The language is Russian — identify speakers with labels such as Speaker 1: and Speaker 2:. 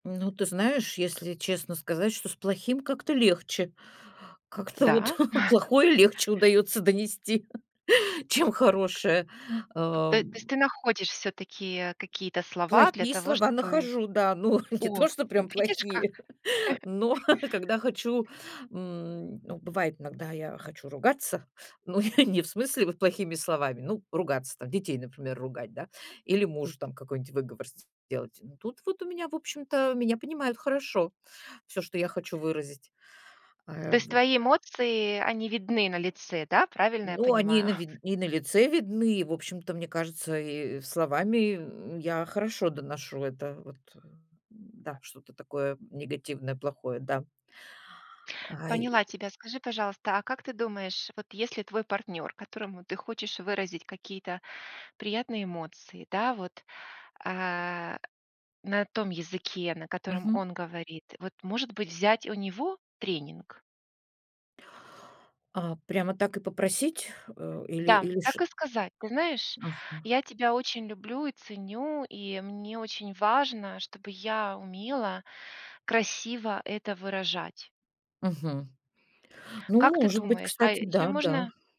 Speaker 1: Ну, ты знаешь, если честно сказать, что с плохим как-то легче. Как-то вот
Speaker 2: Да.
Speaker 1: плохое легче удается донести, чем хорошее,
Speaker 2: Т
Speaker 1: э.
Speaker 2: то есть ты находишь всё-таки, э, какие-то слова для
Speaker 1: Плохие
Speaker 2: того,
Speaker 1: слова
Speaker 2: чтобы
Speaker 1: нахожу, да. Ну, не
Speaker 2: О,
Speaker 1: то, что
Speaker 2: вот
Speaker 1: прям
Speaker 2: видишь как!
Speaker 1: плохие, но когда хочу, м, ну, бывает иногда я хочу ругаться. Ну, не в смысле вот плохими словами, ну, ругаться там: детей, например, ругать, да, или мужу там какой-нибудь выговор с сделать. Но тут вот у меня, в общем-то, меня понимают хорошо, всё, что я хочу выразить. Э,
Speaker 2: То есть
Speaker 1: вот.
Speaker 2: твои эмоции, они видны на лице, да, правильно я
Speaker 1: Ну, они
Speaker 2: понимаю?
Speaker 1: на ви и на лице видны, и, в общем-то, мне кажется, и словами, м, я хорошо доношу это вот, э, да, что-то такое негативное, плохое, да. Ай.
Speaker 2: Поняла тебя. Скажи, пожалуйста, а как ты думаешь, вот если твой партнер, которому ты хочешь выразить какие-то приятные эмоции, да, вот, а, на том языке, на котором
Speaker 1: Мгм.
Speaker 2: он говорит, вот, может быть, взять у него тренинг?
Speaker 1: А, прямо так и попросить? Э, или
Speaker 2: Да,
Speaker 1: или ш
Speaker 2: так и сказать: "Ты знаешь,
Speaker 1: Ага.
Speaker 2: я тебя очень люблю и ценю, и мне очень важно, чтобы я умела красиво это выражать".
Speaker 1: Мгм. Ну,
Speaker 2: Как ты
Speaker 1: может быть,
Speaker 2: думаешь? А
Speaker 1: кстати,
Speaker 2: еще
Speaker 1: да, да.
Speaker 2: можно